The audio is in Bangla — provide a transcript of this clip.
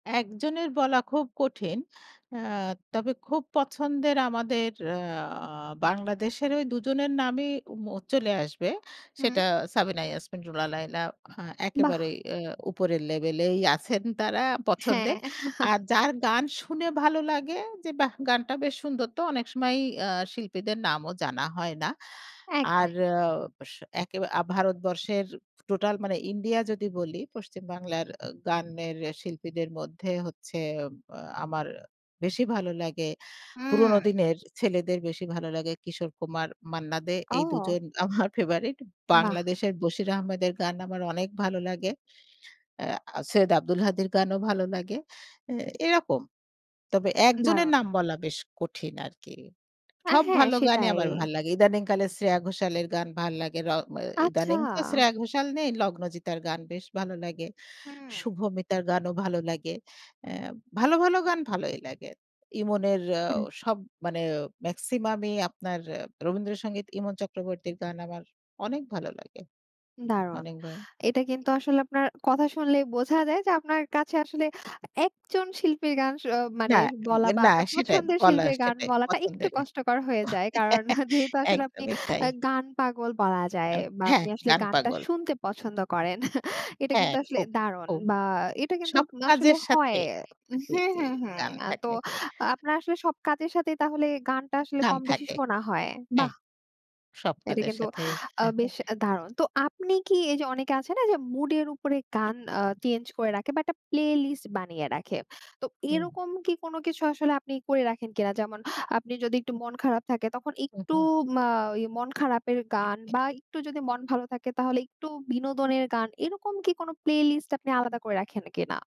একজনের বলা খুব কঠিন। এ্যা তবে খুব পছন্দের আমাদের এ্যা বাংলাদেশের ওই দুজনের নামই ওম চলে আসবে। হুম। সেটা সাবিনা ইয়াসমিন, রুনা লায়লা, হ্যাঁ বাহ! একেবারেই এ্যা উপরের লেভেলেই আছেন তারা পছন্দের। হ্যাঁ। আর যার গান শুনে ভালো লাগে যে বাহ! গানটা বেশ সুন্দর তো অনেক সময়ই এ্যা শিল্পীদের নামও জানা হয় না। আর একদম। এ্যা স একে ভারতবর্ষের টোটাল মানে ইন্ডিয়া যদি বলি, পশ্চিম বাংলার এ্যা গানের শিল্পীদের মধ্যে হচ্ছে এ্যা আমার বেশি ভালো লাগে, হুম। পুরনো দিনের ছেলেদের বেশি ভালো লাগে কিশোর কুমার, মান্না দে এই ও। দুজন আমার ফেবারেট। বাহ! বাংলাদেশের বশির আহমেদের গান আমার অনেক ভালো লাগে। এ্যা সৈয়দ আব্দুল হাদির গানও ভালো লাগে। এ্যা এরকম। তবে একজনের উদাহরণ। নাম বলা বেশ কঠিন আরকি। অ্যা সব হ্যাঁ, ভালো গানই সেটাই। আমার ভাল লাগে। ইদানিং কালের শ্রেয়া ঘোষালের গান ভাল লাগে। র ম আচ্ছা। ইদানিং তো শ্রেয়া ঘোষাল নেই লগ্নজিতার গান বেশ ভালো লাগে। হুম। শুভমিতার গানও ভালো লাগে। এ্যা ভালো, ভালো গান ভালই লাগে। ইমনের এ্যা হু। সব মানে মেক্সিমামই আপনার রবীন্দ্রসঙ্গীত ইমন চক্রবর্তীর গান আমার অনেক ভালো লাগে। দারুণ। অনেকবার এটা কিন্তু আসলে আপনার, কথা শুনলেই বোঝা যায় যে আপনার কাছে আসলে একজন শিল্পীর গান স না, মানে বলা এ্যাম বা না আপনার সেটাই পছন্দের বলা শিল্পীর গান সেটাই বলাটা একটু পছন্দের। কষ্টকর হয়ে যায়। কারণ যেহেতু আসলে আপনি একদমই তাই। আ গান পাগল বলা যায় অ বা হ্যাঁ, আপনি আসলে গান গানটা পাগল। শুনতে পছন্দ করেন এটা হ্যাঁ, কিন্তু আসলে খুব, দারুণ খুব। বা এটা কিন্তু সব আসলে কাজের সাথে হয় হু, জি, হু, জি হু গান এ্যা তো থাকে। আপনার আসলে সব কাজের সাথে তাহলে গানটা আসলে গান কমবেশি থাকে। শোনা হয়। হ্যাঁ। বাহ! সব এটা কাজের কিন্তু সাথেই। এ্যা হ্যাঁ, বেশ হ্যাঁ। দারুণ। তো আপনি [unintelligible] কি এইযে অনেকে আছে যে মুডের উপরে গান এ্যা চেঞ্জ করে রাখে বা একটা প্লে লিস্ট বানিয়ে রাখে। তো হুম। এরকম কি কোনো কিছু আসলে আপনি করে রাখেন কিনা যেমন আপনি যদি একটু মন খারাপ থাকে তখন উ একটু হুম। মা মন খারাপের গান বা একটু যদি মন ভালো থাকে তাহলে একটু বিনোদনের গান এরকম কি কোনো প্লে লিস্ট আপনি আলাদা করে রাখেন কিনা?